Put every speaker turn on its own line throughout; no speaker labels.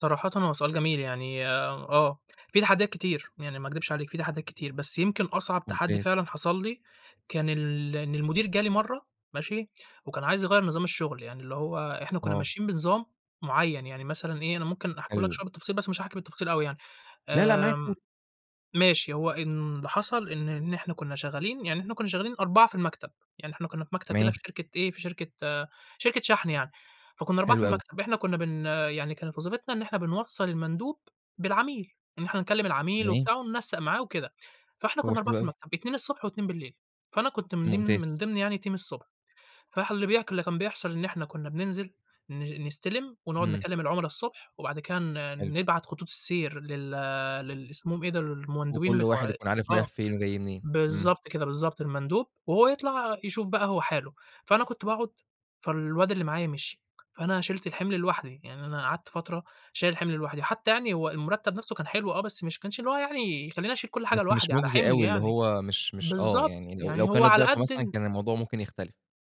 صراحةً هو سؤال جميل يعني، آه، في تحديات كتير يعني ما أكدبش عليك في تحديات كتير، بس يمكن أصعب تحدي
ممتاز.
فعلًا حصل لي كان ال إن المدير جالي مرة ماشي، وكان عايز يغيَّر نظام الشغل، يعني اللي هو إحنا كنا
آه.
ماشيين بنظام معين، يعني مثلًا إيه، أنا ممكن أحكيهولك
حلو.
شوية بالتفصيل، بس مش هاحكي بالتفصيل أوي يعني،
لأ، لأ، معاك قُل.
آمم، ماشي. هو إن اللي حصل إن إن إحنا كنا شغالين يعني إحنا كنا شغالين 4 في المكتب، يعني إحنا كنا في مكتب كده
تمام.
في شركة إيه، في شركة شركة شحْن يعني، فكنا 4 في
حلو أوي.
المكتب، إحنا كنا بن يعني كانت وظيفتنا إن إحنا بنوصَّل المندوب بالعميل، إن إحنا نكلم العميل
تمام.
وبتاع وننسق معاه وكده. فإحنا
هو
كنا 4
حلو
في
أوي.
المكتب، 2 الصبح و2 بالليل. فأنا كنت من ديم
ممتاز.
من ضمن يعني team الصبح، فح اللي بيح اللي كان بيحصل إن إحنا كنا بننزل ن نستلم ونقعد
إمم.
نكلم العملا الصبح، وبعد كده ن
حلو.
نبعت خطوط السير لل للي اسمهم إيه ده، ال المندوبين
وكل واحد
بتوع
يكون عارف
آه،
رايح فين وجاي منين. إمم.
بالضبط كده، بالضبط، المندوب، وهو يطلَع يشوف بقى هو حاله. فأنا كنت باقعد، فالواد اللي معايا مشي، فأنا شيلت الحِمل لوحدي، يعني أنا قعدت فترة شايل الحِمل لوحدي، حتى يعني هو المرتب نفْسه كان حلو آه، بس مش ما كانش اللي هو يعني يخليني أشيل كل حاجة
بس مش
لوحدي، على
مُجزي
حِملي
أوي، اللي
يعني،
هو مش مش آه،
بالضبط،
يعني ل لو
يعني
كان
هو على
الضِعف
قد
مثلًا،
ال
كان الموضوع ممكن يختلف.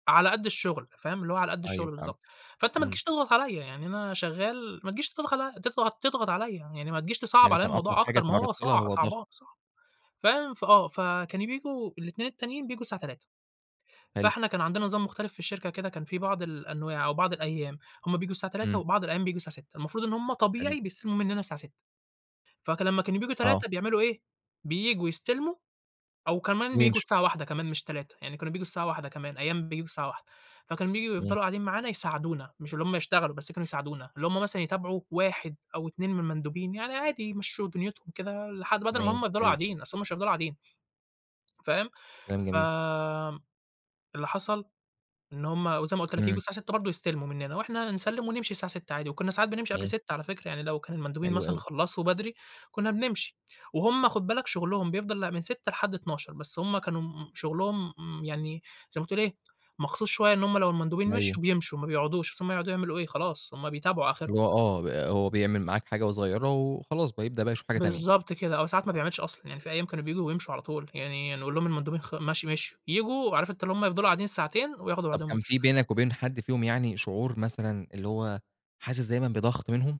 على قد الشغل فاهم. اللي هو على قد
أيوه
الشغل
فهمت.
بالضبط، فأنت ما
إمم.
تجيش تضغط عليَّ، يعني أنا شغال ما تجيش تضغ تضغط تضغط عليَّ، يعني ما تجيش تصعَّب
يعني
عليَّ
كان أصعب
الموضوع
حاجة
أكتر ما هو
اتعرَّضت لها،
صع
هو ضغط.
صعبان صعب، فاهم فآه، فكانوا بييجوا الاتنين التانيين، بييجوا الساعة 15:00،
حلو.
فإحنا كان عندنا نظام مختلف في الشركة كده كان فيه بعض الأنواع أو بعض الأيام هُم بييجوا الساعة 15:00
إمم.
وبعض الأيام بييجوا الساعة 18:00، المفروض إن هُم
حلو.
طبيعي بيستلموا مننا الساعة 18:00، فك لمّا كانوا بييجوا
آه.
15:00 بيعملوا إيه، بييجوا يستلموا أو كمان بييجوا
ويمشوا.
الساعة 13:00 كمان مش 15:00، يعني كانوا بييجوا الساعة 13:00 كمان، أيام بييجوا الساعة 13:00، فكانوا بييجوا
إمم.
يفضلوا قاعدين معانا يساعدونا، مش اللي هُم يشتغلوا بس كانوا يساعدونا، اللي هُم مثلًا يتابعوا 1 أو 2 من المندوبين، يعني عادي يمشّوا دنيتهم كده لحد بَدَل ما هُم
تمام.
يفضلوا
حلو.
قاعدين، أصل هُم مش هيفضلوا قاعدين. فاهم؟
كلام جميل.
فآمم، اللي حصل إن هُم وزي ما قلت لك ييجوا
إمم.
الساعة 18:00 برضو يستلموا مننا وإحنا نسلِّم ونمشي الساعة 18:00 عادي، وكنا ساعات بنمشي قبل
تمام.
18:00 على فكرة يعني لو كان المندوبين
حلو
مثلًا
أوي.
خلَّصوا بدري، كنا بنمشي، وهُم خُد بالك شغلهم بيفضل لأ، من 18:00 لحد 00:00 بس هُم كانوا م شغلهم م يعني زي ما تقول إيه، مخصوص شوية إن هُم لو المندوبين
أيوه.
مشيوا، بيمشوا ما بيقعدوش، أصل هُم هيقعدوا يعملوا إيه، خلاص هُم بيتابعوا آخرهم.
اللي هو آه، ب هو بيعمل معاك حاجة صغيرة وخلاص بيبدأ بقى يشوف حاجة تانية.
بالضبط كده، أو ساعات ما بيعملش أصلًا، يعني فيه أيام كانوا بييجوا ويمشوا على طول، يعني نقول لهم المندوبين خ ماشي مشيوا، ييجوا عارف أنت اللي هُم يفضلوا قاعدين الساعتين وياخدوا
طَب،
بعضهم
كان
ويمشوا.
في بينك وبين حد فيهم يعني شعور مثلًا اللي هو، حاسس دايمًا بضغط منهم؟